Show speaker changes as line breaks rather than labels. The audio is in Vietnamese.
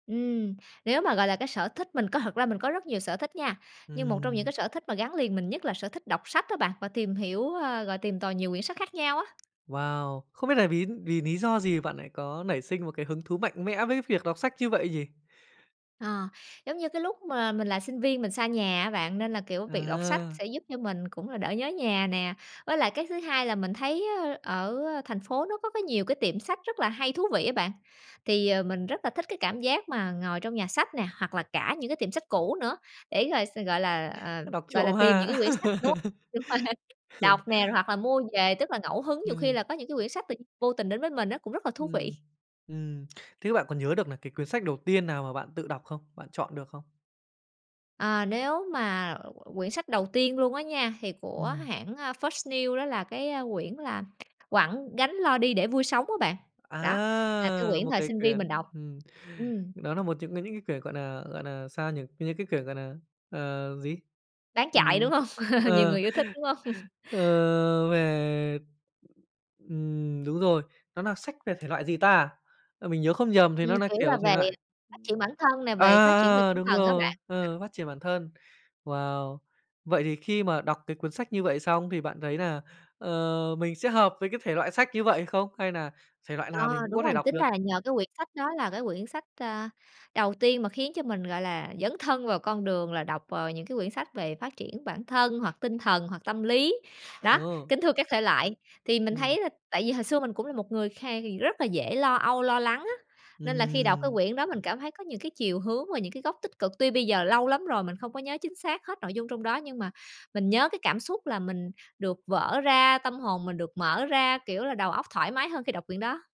Ừm, nếu mà, gọi là, cái sở thích, mình có thật ra mình có rất nhiều sở thích nha, nhưng một trong những cái
Ừm.
sở thích mà gắn liền mình nhất là sở thích đọc sách á bạn, và tìm hiểu, ơ, rồi tìm tòi nhiều quyển sách khác nhau á.
Wow! Không biết là vì vì lý do gì bạn lại có nảy sinh một cái hứng thú mạnh mẽ với việc đọc sách như vậy nhỉ?
Ờ, giống như cái lúc mà mình là sinh viên mình xa nhà á bạn, nên là, kiểu, việc đọc sách
À!
sẽ giúp cho mình cũng là đỡ nhớ nhà nè. Với lại cái thứ hai là mình thấy, ơ, ở thành phố nó có cái nhiều cái tiệm sách rất là hay, thú vị á bạn. Thì, ờ, mình rất là thích cái cảm giác mà ngồi trong nhà sách nè, hoặc là cả những cái tiệm sách cũ nữa, để rồi s gọi là, ờ,
Đọc
gọi là,
trộm
tìm những
ha.
cái quyển sách, đúng không? Đúng, đọc nè hoặc là mua về, tức là ngẫu hứng, nhiều khi
Ừm.
là có những cái quyển sách tự nhiên vô tình đến với mình á, cũng rất là thú
Ừm,
vị.
ừm. Thế bạn có nhớ được là cái cuốn sách đầu tiên nào mà bạn tự đọc không? Bạn chọn được không?
Ờ, nếu mà quyển sách đầu tiên luôn á nha, thì của
Ừm.
hãng, a, First News đó là cái, a, quyển là "Quẳng gánh lo đi để vui sống" á bạn. Đó, là cái
A,
quyển
một
thời
cái
sinh viên mình
quyển
đọc.
ừm,
Ừm.
đó nà một trong cái những cái quyển, gọi nà, gọi nà, sao nhỉ, những cái quyển, gọi nà, ờ, gì?
Bán chạy, đúng
Ừm,
hông? Nhiều
ờ,
người yêu thích, đúng không?
ờ, về, ừm, đúng rồi, nó nà sách về thể loại gì ta? A, mình nhớ không nhầm thì
Ừm,
nó là,
kiểu là,
kiểu, thể
về
loại
phát triển bản thân nè,
à,
về phát triển về
à,
tinh
đúng
thần á
rồi,
bạn. [unintelligible]
ờ, phát triển bản thân. Wow! Vậy thì khi mà đọc cái cuốn sách như vậy xong thì bạn thấy nà, ờ, mình sẽ hợp với cái thể loại sách như vậy không? Hay nà thể loại nào
Ờ,
mình cũng
đúng
có
rồi,
thể đọc
tính
được?
ra là nhờ cái quyển sách đó là cái quyển sách, a, đầu tiên mà khiến cho mình, gọi là, dấn thân vào con đường là đọc vào những cái quyển sách về phát triển bản thân hoặc tinh thần, hoặc tâm lý, đó,
Ừ.
kính thưa các thể loại. Thì mình
Ừm.
thấy là tại vì hồi xưa mình cũng là một người kha rất là dễ lo âu, lo lắng á, nên là khi đọc cái
Ừm.
quyển đó mình cảm thấy có những cái chiều hướng và những cái góc tích cực. Tuy bây giờ lâu lắm rồi mình không có nhớ chính xác hết nội dung trong đó, nhưng mà mình nhớ cái cảm xúc là mình được vỡ ra, tâm hồn mình được mở ra, kiểu là, đầu óc thoải mái hơn khi đọc quyển đó.